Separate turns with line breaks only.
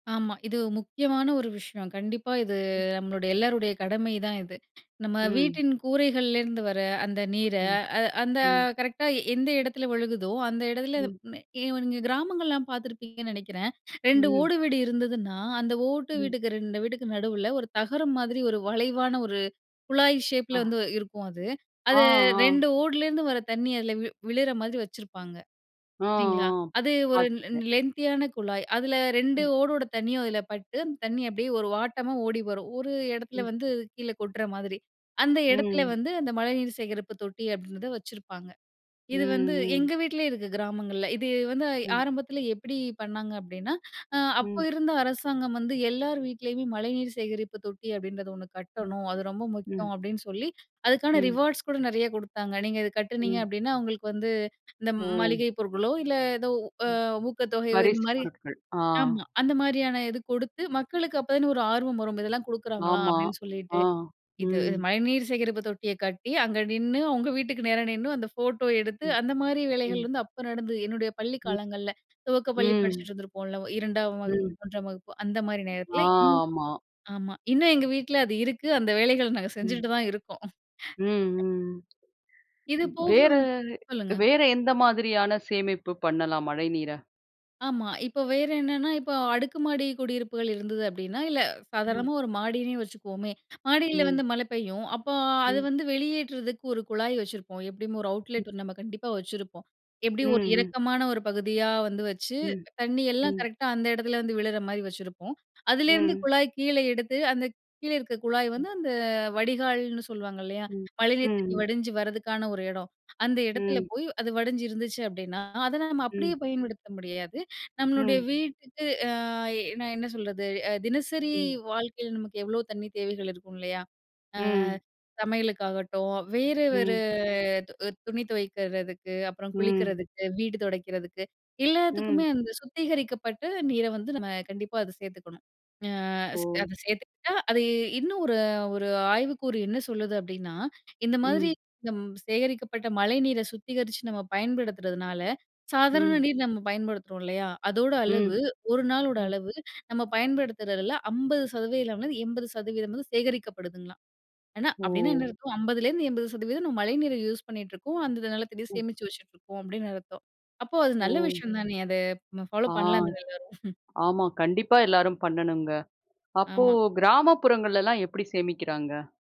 ஆமா. இது முக்கியமான ஒரு விஷயம். கண்டிப்பா இது
ம்.
நம்மளுடைய எல்லோருடைய கடமைதான் இது. நம்ம
ம்.
வீட்டின் கூரைகள்லேருந்து வர அந்த நீர,
ம்.
அ அந்த
ம்.
கரெக்ட்டா எந்த இடத்துல விழுகுதோ! அந்த இடத்துல [unintelligible]
ம்.
நீங்க கிராமங்கள்லாம் பார்த்துருப்பீங்கன்னு நினைக்கிறேன், 2
ம்.
ஓடு வீடு இருந்ததுன்னா, அந்த ஓட்டு
ம்.
வீட்டுக்கு 2 வீட்டுக்கு நடுவுல, ஒரு தகரம் மாதிரி ஒரு வளைவான ஒரு குழாய் ஷேப் ல
அ.
வந்து இருக்கும் அது.
ஆ,
அதை
ஆ.
2 ஓடுலேருந்து வர தண்ணி அதில வி விழுற மாதிரி வச்சிருப்பாங்க.
ஆ,
சரிங்களா?
ஆ,
அது ஒரு
பார்த்துருக்கேன்.
லெந்த் தியான குழாய். அதில 2
ம்.
ஓடோட தண்ணியும் அதில பட்டு அந்த தண்ணி அப்பிடியே ஒரு வாட்டமா ஓடி வரும். ஒரு இடத்துல
ம்.
வந்து கீழே கொட்ற மாதிரி. அந்த இடத்தில
ம்.
வந்து, அந்த மழைநீர் சேகரிப்பு தொட்டி அப்பிடின்றத வச்சிருப்பாங்க.
ம்,
இது வந்து
ம்.
எங்க வீட்லயே இருக்கு கிராமங்கள்ல. இது வந்து
ம்.
ஆரம்பத்தில எப்பிடி பண்ணாங்க அப்பிடின்னா, அ அப்ப
ம்.
இருந்த அரசாங்கம் வந்து எல்லார் வீட்லேயுமே மழைநீர் சேகரிப்பு தொட்டி அப்பிடின்றது 1
ம்.
கட்டணும். அது ரொம்ப
ம்.
முக்கியம் அப்பிடின்னு சொல்லி, அதுக்கான
ம்.
ரிவார்ட்ஸ் கூட நிறைய குடுத்தாங்க. நீங்க இத கட்டுனீங்க
ம்.
அப்பிடின்னா, உங்ங்களுக்கு வந்து இந்த
ஒ!
மளிகை பொருட்களோ! இல்ல ஏதோ அ
ம்.
ஊக்கத்தொகையோ!
பரிசுப்
இதுமாரி
பொருட்கள். ஆ.
ஆமா. அந்தமாரியான இது குடுத்து, மக்களுக்கு அப்ப தானே ஒரு ஆர்வம் வரும். இதெல்லாம் குடுக்குறாங்களாம்
ஆமா,
அப்பிடின்னு சொல்லிட்டு.
ஆ.
இது, அ
ம்.
மழைநீர் சேகரிப்பு தொட்டிய கட்டி, அங்கே நின்னு அவுங்க வீட்டுக்கு நேர நின்னு அந்த ஃபோட்டோ எடுத்து
ம்.
அந்தமாரி வேலைகள்
ம்.
வந்து அப்ப நடந்தது, என்னுடைய பள்ளிக்
ம்.
காலங்கள்ல. துவக்கப்பள்ளி
ம்.
படிச்சிட்டு இருந்திருப்போம்ல. 2 ஆம் வகுப்பு,
ம்.
3 ஆம் வகுப்பு அந்தமாரி
ஆ,
நேரத்தில. ம்,
ஆமா.
ஆமா, இன்னும் எங்க வீட்ல அது இருக்கு. அந்த வேலைகள் நாங்க
ம்.
செஞ்சுக்கிட்டு தான் இருக்கோம்
ம், ம்,
இது
ம்.
போக
வேற,
வந் சொல்லுங்க.
வேற எந்த மாதிரியான சேமிப்பு பண்ணலாம் மழைநீர.
ஆமா. இப்போ வேற என்னன்னா, இப்ப அடுக்கு மாடி குடியிருப்புகள் இருந்தது அப்பிடின்னா. இல்ல சாதாரணமா
ம்.
ஒரு மாடியிலே வச்சுக்குவோமே! மாடியில
ம்.
வந்து மழை பெய்யும். அப்போ, அது
ம்.
வந்து வெளியேற்றதுக்கு ஒரு குழாய் வச்சிருப்போம். எப்பிடியும் ஒரு
[unintelligible]
அவுட்லெட் நம்ம கண்டிப்பா வச்சுருப்போம்.
ம்,
எப்பிடியும் ஒரு
ம்.
இறக்கமான ஒரு பகுதியா வந்து வச்சு
ம்,
தண்ணி எல்லாம்
ம்.
கரெக்டா அந்த இடத்துல, வந்து விழுற மாரி வச்சுருப்போம். அதுலேருந்து
ம்.
குழாய் கீழே எடுத்து, அந்த கீழே இருக்க குழாய்
ம்.
வந்து அந்த வடிகால்ன்னு சொல்லுவாங்க இல்லயா!
ம். ம்,
மழைநீர் தண்ணி
ம்.
வடிஞ்சு வர்றதுக்கான ஒரு இடம். அந்த இடத்துல
ம்.
போய் அது வடிஞ்சு இருந்துச்சு அப்பிடின்னா, அத நம்ம அப்பிடியே
ம்.
பயன்படுத்த முடியாது. நம்மளுடைய
ம்.
வீட்டுக்கு ஆ நான் என்ன சொல்றது, அ தினசரி
ம்.
வாழ்க்கையில நமக்கு எவ்ளோ தண்ணி தேவைகள் இருக்கும் இல்லயா! ஆ
ம்.
சமையலுக்காகட்டும், வேற, வேற
ம்.
து துணி துவைக்கிறதுக்கு, அப்புறம்
ம்.
குளிக்கிறதுக்கு, வீடு துடைக்கிறதுக்கு.
ம்.
எல்லாத்துக்குமே அந்த சுத்திகரிக்கப்பட்ட நீர வந்து நம்ம கண்டிப்பா அத சேர்த்துக்கணும். ஆ
ஓ!
அத சேர்த்துக்கிட்டா, அது இன்னும் ஒரு, ஒரு ஆய்வுக்கூறு என்ன சொல்லுது அப்பிடின்னா, இந்த மாதிரி
ம்.
நம் சேகரிக்கப்பட்ட மழைநீரை சுத்திகரிச்சு நம்ம பயன்படுத்துறதுனால, சாதாரண
ம்.
நீர் நம்ம பயன்படுத்துறோம் இல்லயா! அதோட
ம்,
அளவு ஒரு நாளோட
ம்.
அளவு, நம்ம பயன்படுத்துறதில 50% லேருந்து 80% வந்து சேகரிக்கப்படுதுங்கலாம். ஏன்னா, அப்பிடின்னா என்ன
ஓ!
அர்த்தம் 50 லேருந்து 80% நம்ம மழைநீர யூஸ் பண்ணிட்டு இருக்கோம். அந்த நிலத்தடி
ம்.
சேமிச்சு வச்சுட்ருக்கோம் அப்பிடின்னு அர்த்தம். அப்போ, அது நல்ல
ஓ!
விஷயம் தானே! அத
ஆ.
ஃபாலோப் பண்ணலாமே! எல்லாரும்
ஆமா. கண்டிப்பா எல்லாரும் பண்ணணுங்க. அப்போ,
ஆமா.
கிராமப்புறங்கள்லலாம் எப்பிடி சேமிக்கிறாங்க.